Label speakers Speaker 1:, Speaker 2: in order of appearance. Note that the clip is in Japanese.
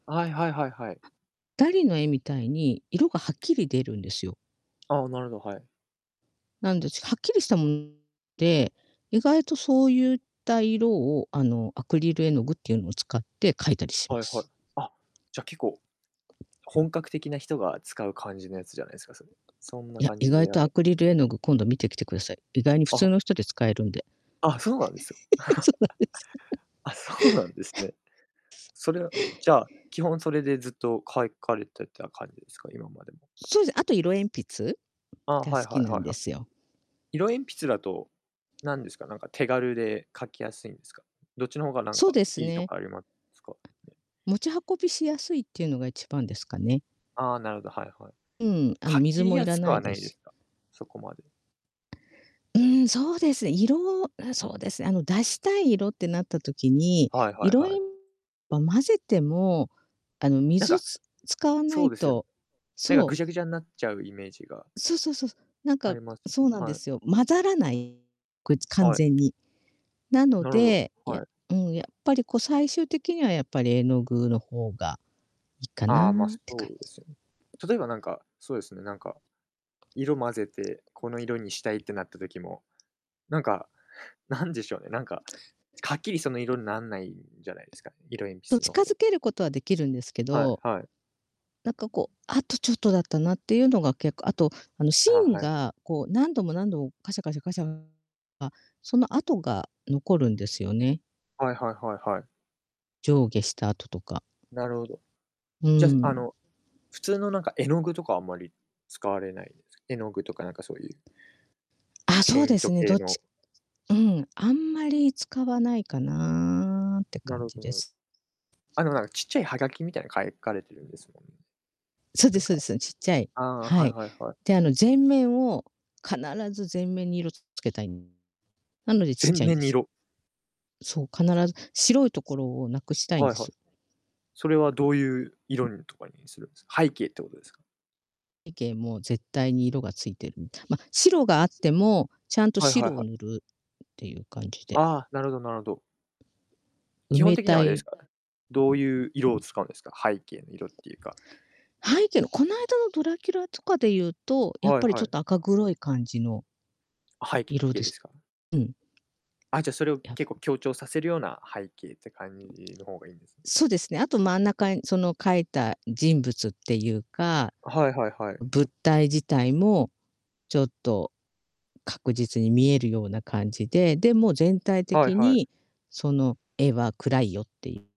Speaker 1: あい、はいはいはい。
Speaker 2: ダリの絵みたいに、色がはっきり出るんですよ。
Speaker 1: ああ、なるほど、はい。
Speaker 2: なんで、ちはっきりしたもで、意外とそうゆった色を、あの、アクリル絵の具っていうのを使って描いたりし
Speaker 1: は
Speaker 2: ま
Speaker 1: いはい。
Speaker 2: す。
Speaker 1: あ、じゃあ、結構、本格的な人が使う感じのやつじゃないすか、それ？そんな
Speaker 2: いや、
Speaker 1: 感
Speaker 2: 意
Speaker 1: じ
Speaker 2: 外
Speaker 1: では
Speaker 2: と
Speaker 1: な
Speaker 2: ア
Speaker 1: い？
Speaker 2: クリル絵の具、今度見てきてください。意外に普
Speaker 1: あ
Speaker 2: 通
Speaker 1: は。
Speaker 2: の人で使えるんで。
Speaker 1: あ、そうなんですよ。
Speaker 2: そうなんです。
Speaker 1: あ、そうなんですね。それは、じゃあ、基本、それでずっと描い描かれてた感じですか？今までも。
Speaker 2: そう。で、あと色鉛筆
Speaker 1: ああ、
Speaker 2: が好
Speaker 1: はいは
Speaker 2: き
Speaker 1: い
Speaker 2: な
Speaker 1: は
Speaker 2: ん
Speaker 1: い
Speaker 2: で
Speaker 1: はい。
Speaker 2: すよ。
Speaker 1: 色鉛筆だと、なんですか、なんか、手軽で描きやすいんですか？どっちの方が、なん
Speaker 2: そう
Speaker 1: か、
Speaker 2: です
Speaker 1: いいと
Speaker 2: ね。
Speaker 1: かありますかね？
Speaker 2: 持ち運びしやすいっていうのが一番ですかね。
Speaker 1: ああ、なるほど、はいはい。
Speaker 2: うん。あの、
Speaker 1: 書
Speaker 2: 水
Speaker 1: き
Speaker 2: も要
Speaker 1: や
Speaker 2: ら
Speaker 1: すく
Speaker 2: な
Speaker 1: は
Speaker 2: い
Speaker 1: な
Speaker 2: で
Speaker 1: い
Speaker 2: す
Speaker 1: で
Speaker 2: し。
Speaker 1: すか？そこまで。
Speaker 2: うーん、そうですね。色、うーん、そうですね。あの、出したい色ってなった時に、
Speaker 1: はいはい
Speaker 2: 色
Speaker 1: は
Speaker 2: えん
Speaker 1: い。
Speaker 2: ま、混ぜても、あの、
Speaker 1: なん
Speaker 2: 水
Speaker 1: か
Speaker 2: つ使わな
Speaker 1: そう
Speaker 2: い
Speaker 1: ですよね。
Speaker 2: と
Speaker 1: なんか、
Speaker 2: そう。
Speaker 1: ぐちゃぐちゃになっちゃうイメージが
Speaker 2: そうそうそう。なん
Speaker 1: あ
Speaker 2: か
Speaker 1: ります、
Speaker 2: そうなんで
Speaker 1: はい。
Speaker 2: すよ。混ざらないこいつ完
Speaker 1: は
Speaker 2: 全
Speaker 1: い。
Speaker 2: に。なの
Speaker 1: なるほど、
Speaker 2: で、や
Speaker 1: はい。
Speaker 2: うん、やっぱりこう、最終的にはやっぱり絵の具の方がいいかな
Speaker 1: あ
Speaker 2: っ
Speaker 1: あ、まあ、そ
Speaker 2: て感
Speaker 1: うで
Speaker 2: じ。
Speaker 1: すよね。例えばなんか、そうですね、なんか、色混ぜて、この色にしたいってなった時も、なんか、なんでしょうね、なんか、ちはっきりその色なんないんじゃないですか？色鉛
Speaker 2: と、
Speaker 1: 筆の
Speaker 2: 近
Speaker 1: 方。
Speaker 2: づける事は出来るんですけ
Speaker 1: はい
Speaker 2: ど
Speaker 1: はい。
Speaker 2: なんかこう、あとちょっとだったなっていうのが結構。あと、あの、
Speaker 1: あ、
Speaker 2: 芯
Speaker 1: はい。
Speaker 2: がこう、何度も何度も、カシャカシャカシャあ、その跡が残るんですよね。
Speaker 1: はいはいはいはい。
Speaker 2: 上下、スタートとか。
Speaker 1: なるほど、
Speaker 2: う
Speaker 1: じ
Speaker 2: ー
Speaker 1: ゃ、すあ
Speaker 2: ん。
Speaker 1: の、普通の、なんか、絵の具とかあんまり使われないんです？絵の具とか、なんか、そういう
Speaker 2: あ、
Speaker 1: ペ
Speaker 2: そう
Speaker 1: イ
Speaker 2: で
Speaker 1: ン
Speaker 2: す
Speaker 1: ト
Speaker 2: ね、ど
Speaker 1: 系
Speaker 2: っち
Speaker 1: の。
Speaker 2: うん、あんまり使わないかなって
Speaker 1: な
Speaker 2: 感
Speaker 1: る
Speaker 2: じ
Speaker 1: ほど
Speaker 2: で
Speaker 1: なる
Speaker 2: す。
Speaker 1: あの、なんか、ちっちゃいハガキみたいなの描い描かれてるんですもんね。
Speaker 2: そうで
Speaker 1: なん
Speaker 2: すそう
Speaker 1: か
Speaker 2: です。そん、ちっちゃい
Speaker 1: ああ、は
Speaker 2: は
Speaker 1: い
Speaker 2: い。
Speaker 1: はいはい。
Speaker 2: で、あの、全面を必ず全面に色つつけたいんなので小っ
Speaker 1: 全
Speaker 2: ちゃいん
Speaker 1: 面
Speaker 2: で
Speaker 1: に
Speaker 2: す。
Speaker 1: 色？
Speaker 2: そう、必ず、白い所を無くしたいん
Speaker 1: はい
Speaker 2: で
Speaker 1: はい。
Speaker 2: す。
Speaker 1: それはどういう色んとかにするんです？背景ってことですか？
Speaker 2: 背景も絶対に色が付いてるみたい。ま、白があっ
Speaker 1: す
Speaker 2: ても、ちゃんと
Speaker 1: はいはい
Speaker 2: 白を
Speaker 1: はい。
Speaker 2: 塗るっていう感じで。
Speaker 1: ああ、なるほどなるほど。
Speaker 2: 埋
Speaker 1: 基本
Speaker 2: め
Speaker 1: 的に
Speaker 2: た
Speaker 1: あれです
Speaker 2: い。
Speaker 1: か、どういう色を使うんですか？背景の色っていうか。
Speaker 2: 背景のこないだのドラキュラとかで言うと、やっ
Speaker 1: はい
Speaker 2: ぱりち
Speaker 1: は
Speaker 2: ょっ
Speaker 1: い。
Speaker 2: と赤黒い感じの
Speaker 1: 背
Speaker 2: 色
Speaker 1: 景
Speaker 2: で
Speaker 1: です
Speaker 2: す。
Speaker 1: か？
Speaker 2: うん。
Speaker 1: あ、じゃあ、それを
Speaker 2: や
Speaker 1: 結
Speaker 2: ぶ
Speaker 1: 構、強調させるような背景って感じの方がいいんですね。
Speaker 2: そうですね。あと、真ん中に、その書いた人物っていうか、
Speaker 1: はいはいはい。
Speaker 2: 物体自体も、ちょっと確実に見えるような感じで、でも全体
Speaker 1: はい
Speaker 2: 的
Speaker 1: はい。
Speaker 2: にその絵は暗いよっていう。